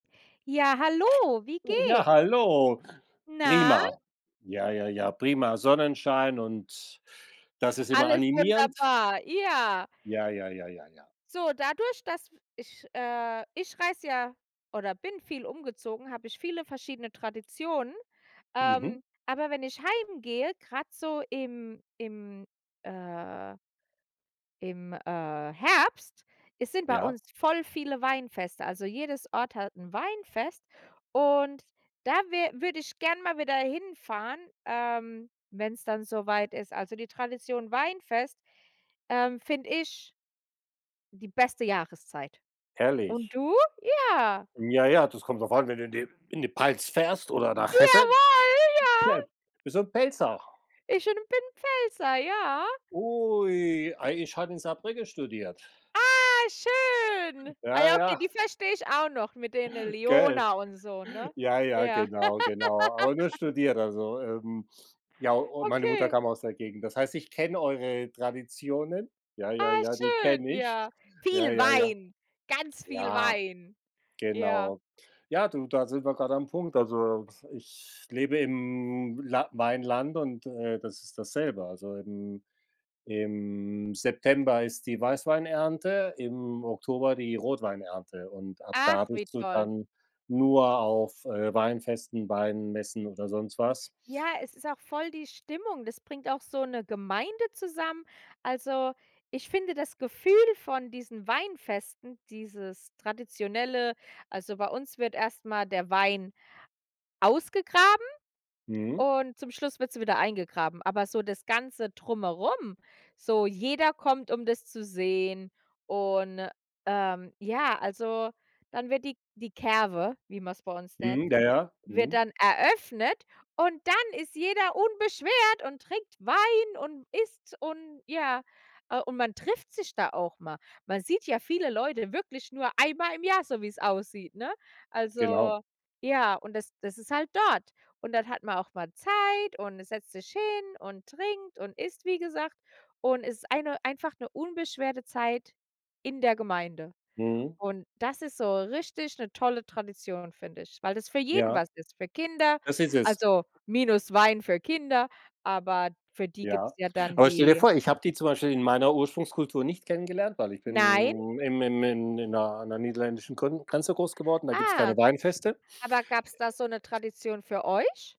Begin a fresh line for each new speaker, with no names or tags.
Ja, hallo, wie geh
Ja, hallo.
Na?
Prima. Ja, ja, ja, prima. Sonnenschein und das ist immer
Alles
animierend.
wunderbar, ja.
Ja, ja, ja, ja, ja.
So, dadurch, dass ich äh, ich reise ja oder bin viel umgezogen, habe ich viele verschiedene Traditionen.
Mhm.
Ähm, aber wenn ich heimgehe, grad so im im, äh im, äh, Herbst, is sind bei
Ja.
uns voll viele Weinfeste. Also jedes Ort hat 'n Weinfest. Und da wä würde ich gern mal wieder hinfahren, ähm wenn's dann so weit ist. Also die Tradition Weinfest, ähm, finde ich die beste Jahreszeit. Und
Herrlich.
du? Ja.
Ja, ja, das kommt drauf an, wenn du in die in die Pfalz fährst oder nach Hessen.
Jawohl,
Ja.
ja!
Bist du 'n Pfälzer?
Ich en bin Pfälzer, ja.
Ui, ei ich habe in Saarbrücken studiert.
Ah, schön. Ah
Ja,
ja, okay,
ja.
die verstehe ich auch noch mit den
Gell.
Lyoner und so, ne?
Ja, ja.
Ja.
Genau, genau, aber nur studiert, also, ähm, ja, au meine Mutter
Okay.
kam aus der Gegend, das heißt ich kenne eure Traditionen, ja, ja,
Ah,
ja, die
schön,
kenne ich,
ja.
ja,
Viel
ja, ja.
Wein, ganz viel
Ja,
Wein, ja.
genau. Ja, du da sind wir grade am Punkt. Also, was ich lebe im La Weinland und, äh, das ist dasselbe. Also im im September ist die Weißweinernte, im Oktober die Rotweinernte und ab da
Ach, wie
bist du
toll.
dann nur auf, äh, Weinfesten, Weinmessen oder sonst was.
Ja, es ist auch voll die Stimmung. Das bringt auch so 'ne Gemeinde zusammen. Also, ich finde das Gefühl von diesen Weinfesten, dieses Traditionelle also, bei uns wird erst mal der Wein ausgegraben
Mhm.
und zum Schluss wird sie wieder eingegraben. Aber so das ganze Drumherum, so jeder kommt, um das zu sehen. Und, ähm, ja, also dann wird die die Kerwe, wie man's bei uns nennt,
Mhm. Ja, ja.
wird
Mhm.
dann eröffnet und dann ist jeder unbeschwert und trinkt Wein und isst und ja. Ah, und man trifft sich da auch mal. Man sieht ja viele Leute wirklich nur einmal im Jahr, so wie's aussieht, ne?
Genau.
Also ja, und das das ist halt dort. Und dann hat man auch mal Zeit und, äh, setzt sich hin und trinkt und isst, wie gesagt. Und ist eine einfach 'ne unbeschwerte Zeit in der Gemeinde.
Mhm.
Und das ist so richtig 'ne tolle Tradition, finde ich, weil es für jeden
Ja.
was ist, für Kinder.
Das ist es.
Also, minus Wein für Kinder, aber für die gibt's
Ja.
ja dann
Aber stell dir
die
vor, ich habe die zum Beispiel in meiner Ursprungskultur nicht kennengelernt, weil ich
Nein?
bin in im im im in 'ner an 'ner niederländischen Grün Grenze groß geworden. Da gibt's
Ah.
keine Weinfeste.
Aber gab's da so 'ne Tradition für euch?